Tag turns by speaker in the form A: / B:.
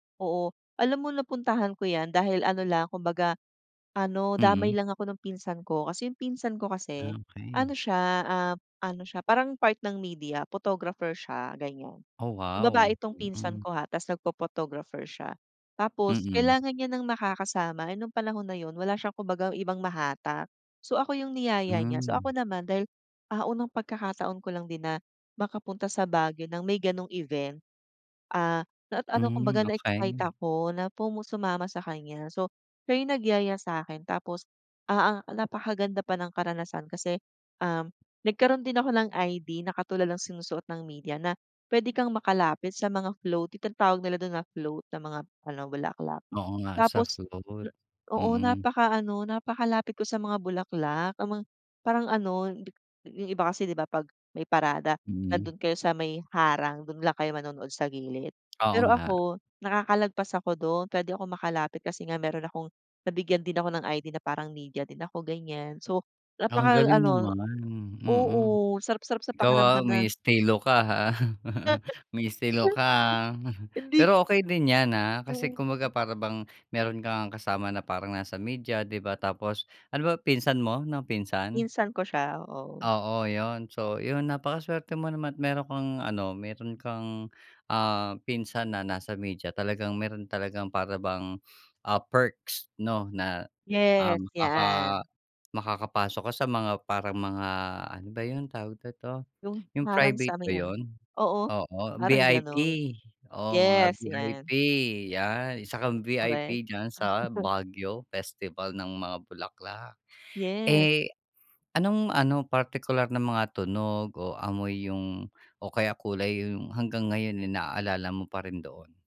A: Oo, alam mo, napuntahan ko yan dahil ano lang kumbaga, ano, damay
B: Mm.
A: lang ako ng pinsan ko. Kasi yung pinsan ko kasi
B: Ah,
A: ano
B: okey.
A: siya, ah, ano siya parang part ng media, photographer siya, ganiyan.
B: Oh
A: So, babae
B: wow,
A: itong pinsan
B: mm.
A: ko ha tapos nagpho-photographer siya. Tapos
B: Mm.
A: kailangan niya ng makakasama, eh nung panahon na yun wala siyang kumbaga ibang mahatak. So, ako yung niyaya niya. So,
B: Hmm.
A: ako naman dahil, ah, unang pagkakataon ko lang din na makapunta sa Baguio ng may gano'ng event. Ah, na ano kung
B: Hmm,
A: baga, na-excite
B: okey.
A: ako na sumama sa kanya. So, siya yung nagyaya sa'kin tapos, ah ah, napakaganda pa ng karanasan kasi, um nagkaroon din ako ng ID na katulad ng sinusuot ng media na puwede kang makalapit sa mga float, tinatawag nila dun na float na mga ano, bulaklak.
B: Oo nga, sa
A: Tapos
B: float,
A: n oo,
B: mm.
A: napakaano, napakalapit ko sa mga bulaklak, yung ma parang ano, dik yung iba kasi, 'di ba, 'pag may parada
B: Mm.
A: nandoon kayo sa may harang, dun lang kayo manonood sa gilid.
B: Oo
A: Pero
B: nga.
A: ako nakakalagpas ako dun, puwede akong makalapit kasi nga meron akong nabigyan din ako ng ID na parang media din ako, ganiyan. So,
B: Ang galing
A: napakaano,
B: naman, mm.
A: oo, sarap-sarap sa
B: Ikaw, ah,
A: pakiramdam
B: may
A: na
B: estilo ka ha. May estilo ka, ah,
A: Hindi.
B: pero okey din 'yan ha, kasi
A: Oo.
B: kumbaga para bang meron ka ngang kasama na parang nasa media, 'di ba? Tapos ano ba, pinsan mo ng pinsan?
A: Pinsan ko siya, oo.
B: Oo, yun. So, yun, napakaswerte mo naman meron kang ano, meron kang, ah, pinsan na nasa media talagang meron talagang para bang, ah, perks 'no na, ah,
A: Yes,
B: maka
A: yaan.
B: makakapasok ka sa mga parang mga, ano ba yun, tawag na nito,
A: Yung
B: yung
A: parang
B: private
A: sa
B: ba
A: may ano,
B: yun.
A: oo,
B: Oo,
A: parang
B: VIP,
A: ganun.
B: oo, mga
A: Yes 'yan.
B: VIP, 'yan, isa kang VIP,
A: Korek.
B: diyan sa Baguio festival ng mga bulaklak.
A: Yes.
B: Eh, anong ano partikular na mga tunog o amoy yung o kaya kulay yung hanggang ngayon eh naalala mo pa rin doon?